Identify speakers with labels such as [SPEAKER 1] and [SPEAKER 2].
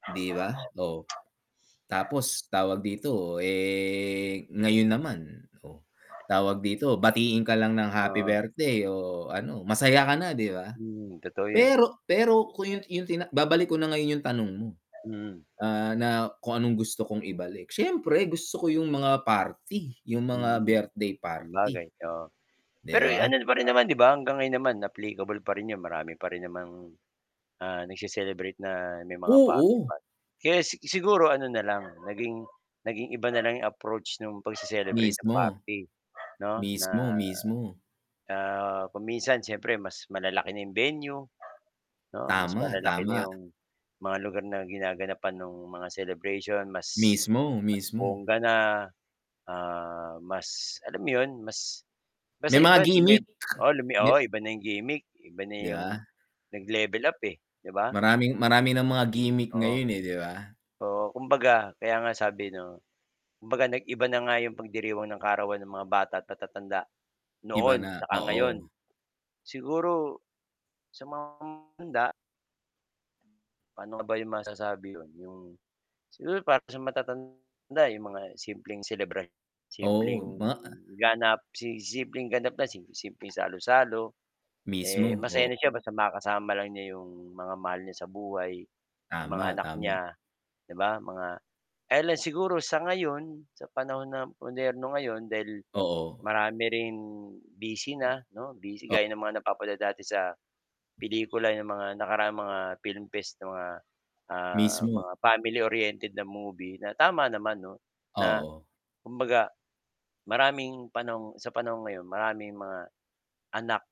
[SPEAKER 1] 'Di ba, oh. Tapos, tawag dito eh, ngayon naman, oh. Tawag dito, batiin ka lang ng happy birthday o ano, masaya ka na 'di ba?
[SPEAKER 2] Hmm, totoo yon.
[SPEAKER 1] Pero pero kung yun yung tina babalik ko na ngayon yung tanong mo,
[SPEAKER 2] Mm.
[SPEAKER 1] ah, na kung anong gusto kong ibalik, siyempre gusto ko yung mga party, yung mga
[SPEAKER 2] Mm.
[SPEAKER 1] birthday party.
[SPEAKER 2] Sabagay, oo.
[SPEAKER 1] 'Di
[SPEAKER 2] Pero
[SPEAKER 1] ba?
[SPEAKER 2] ano pa rin naman 'di ba hanggang ngayon naman applicable pa rin 'yon marami pa rin namang, ah, nag-se-celebrate na may mga
[SPEAKER 1] Oo.
[SPEAKER 2] party-party. Kaya si siguro ano na lang naging, naging iba na lang 'yong approach no'ng pag-se-celebrate ng
[SPEAKER 1] Mismo.
[SPEAKER 2] party 'no na,
[SPEAKER 1] Mismo, mismo.
[SPEAKER 2] ah, kung minsan siyempre mas malalaki na 'yong venue, 'no, mas
[SPEAKER 1] Tama,
[SPEAKER 2] malalaki na
[SPEAKER 1] tama.
[SPEAKER 2] 'yong, mga lugar na ginaganapan ng mga celebration mas,
[SPEAKER 1] Mismo,
[SPEAKER 2] mas
[SPEAKER 1] mismo.
[SPEAKER 2] bongga na, ah, mas alam mo yun, mas
[SPEAKER 1] May
[SPEAKER 2] basta
[SPEAKER 1] mga
[SPEAKER 2] iba lumib
[SPEAKER 1] gimik.
[SPEAKER 2] oo lumi oo iba na yung gimik, iba na
[SPEAKER 1] 'Di
[SPEAKER 2] yung,
[SPEAKER 1] ba?
[SPEAKER 2] nag-level up eh, 'di ba?
[SPEAKER 1] Maraming marami ng mga gimik ngayon eh, 'di ba?
[SPEAKER 2] Oo, kumbaga kaya nga sabi 'no, kumbaga nag-iba na nga 'yong pagdiriwang ng kaarawan ng mga bata at matatanda,
[SPEAKER 1] Iba
[SPEAKER 2] noon
[SPEAKER 1] na,
[SPEAKER 2] saka ngayon.
[SPEAKER 1] oo.
[SPEAKER 2] Siguro sa mga handa. Paano nga ba 'yong masasabi 'yon 'yong, siguro para sa matatanda 'yong mga simpleng selebra
[SPEAKER 1] Oo,
[SPEAKER 2] simpleng
[SPEAKER 1] ma
[SPEAKER 2] ganap, si simpleng ganap na simpleng salo-salo. Eh,
[SPEAKER 1] Mismo,
[SPEAKER 2] masaya
[SPEAKER 1] o
[SPEAKER 2] na siya basta makakasama lang niya 'yong mga mahal niya sa buhay, 'yong mga
[SPEAKER 1] Tama,
[SPEAKER 2] anak
[SPEAKER 1] tama
[SPEAKER 2] niya, 'di ba mga, ele siguro sa ngayon, sa panahon na moderno ngayon dahil,
[SPEAKER 1] Oo.
[SPEAKER 2] marami ring busy na 'no, busy gaya ng mga napapanood dati sa, pelikula ng mga nakaraang mga film fest 'no, ah, mga, ah,
[SPEAKER 1] Mismo.
[SPEAKER 2] mga family-oriented na movie na tama naman 'no, na
[SPEAKER 1] Oo.
[SPEAKER 2] kumbaga, maraming panahong sa panahong ngayon maraming mga anak.